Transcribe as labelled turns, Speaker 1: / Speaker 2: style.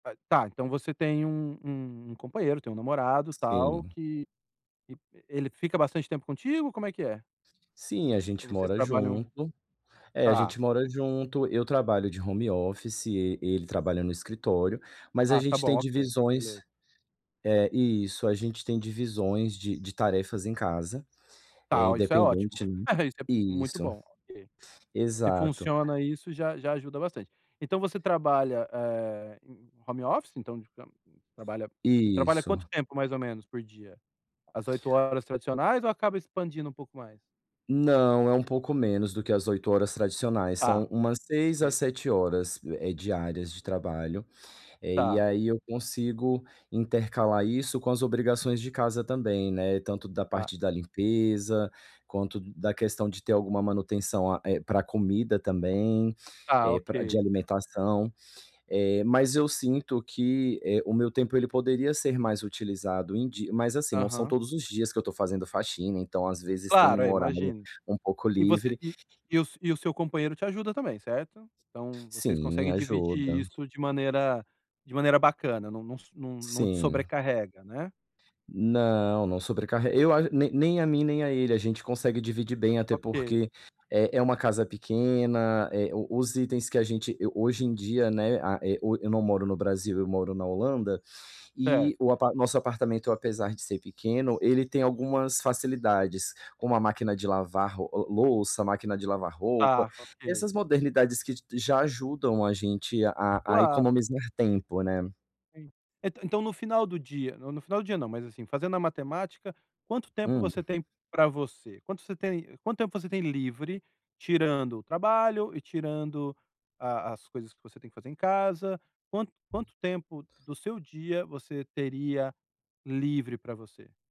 Speaker 1: [unintelligible] Tá, então você tem um um um companheiro, tem um namorado, tal
Speaker 2: Sim.
Speaker 1: que e, eh, ele fica bastante tempo contigo, como é que é?
Speaker 2: Sim, a
Speaker 1: Ou
Speaker 2: gente
Speaker 1: vocês
Speaker 2: mora
Speaker 1: trabalham
Speaker 2: junto. É, a
Speaker 1: Tá.
Speaker 2: gente mora junto, eu trabalho de home office e e ele trabalha no escritório, mas a
Speaker 1: Ah, tá
Speaker 2: gente tem
Speaker 1: bom. OK.
Speaker 2: divisões
Speaker 1: Beleza.
Speaker 2: eh, isso. A gente tem divisões de de tarefas em casa, eh,
Speaker 1: Tá, ó, isso é ótimo.
Speaker 2: independente, né.
Speaker 1: [unintelligible] Isso é muito
Speaker 2: Isso.
Speaker 1: bom, OK. Se
Speaker 2: Exato.
Speaker 1: funciona isso, já já ajuda bastante. Então, você trabalha, eh, em em em home office, então de ca você trabalha você trabalha quanto
Speaker 2: Isso.
Speaker 1: tempo, mais ou menos, por dia? As 8 horas tradicionais ou acaba expandindo um pouco mais?
Speaker 2: Não, é um pouco menos do que as 8 horas tradicionais. São
Speaker 1: Tá.
Speaker 2: umas 6 a
Speaker 1: Sim.
Speaker 2: 7 horas, eh eh, diárias de trabalho. Eh, e
Speaker 1: Tá.
Speaker 2: aí eu consigo intercalar isso com as obrigações de casa também, né, tanto da
Speaker 1: Ah.
Speaker 2: parte da limpeza, quanto d da questão de ter alguma manutenção a eh, pra comida também,
Speaker 1: Tá,
Speaker 2: eh, pra de
Speaker 1: Ok.
Speaker 2: alimentação. Eh, mas eu sinto que, eh, o meu tempo, ele poderia ser mais utilizado em di mas, assim, são
Speaker 1: Aham.
Speaker 2: todos os dias que eu tô fazendo faxina, então, às vezes, tem
Speaker 1: Claro, é,
Speaker 2: um
Speaker 1: eu
Speaker 2: horário
Speaker 1: imagino.
Speaker 2: um pouco
Speaker 1: E você
Speaker 2: livre
Speaker 1: e e o s e o seu companheiro te ajuda também, certo? Então, vocês
Speaker 2: Sim,
Speaker 1: conseguem dividir
Speaker 2: ajuda.
Speaker 1: isso de maneira de maneira bacana, não não não não te
Speaker 2: Sim.
Speaker 1: sobrecarrega, né?
Speaker 2: Não, não sobrecarreg eu a nem nem a mim nem a ele, a gente consegue dividir bem, até
Speaker 1: Ok.
Speaker 2: porque é é uma casa pequena, eh, o os itens que a gente eu, hoje em dia, né, a e o eu não moro no Brasil, eu moro na Holanda, e
Speaker 1: Certo.
Speaker 2: o apa nosso apartamento, apesar de ser pequeno, ele tem algumas facilidades, como a máquina de lavar ro o louça, máquina de lavar roupa,
Speaker 1: Tá, Ok.
Speaker 2: essas modernidades que j já ajudam a gente a a a
Speaker 1: Claro.
Speaker 2: economizar tempo, né.
Speaker 1: En e então, no final do dia no no final do dia, não, mas, assim, fazendo a matemática, quanto tempo
Speaker 2: Hum.
Speaker 1: você tem pra você? Quanto você tem quanto tempo você tem livre, tirando o trabalho e tirando a as coisas que você tem que fazer em casa, quanto quanto tempo do seu dia você teria livre pra você?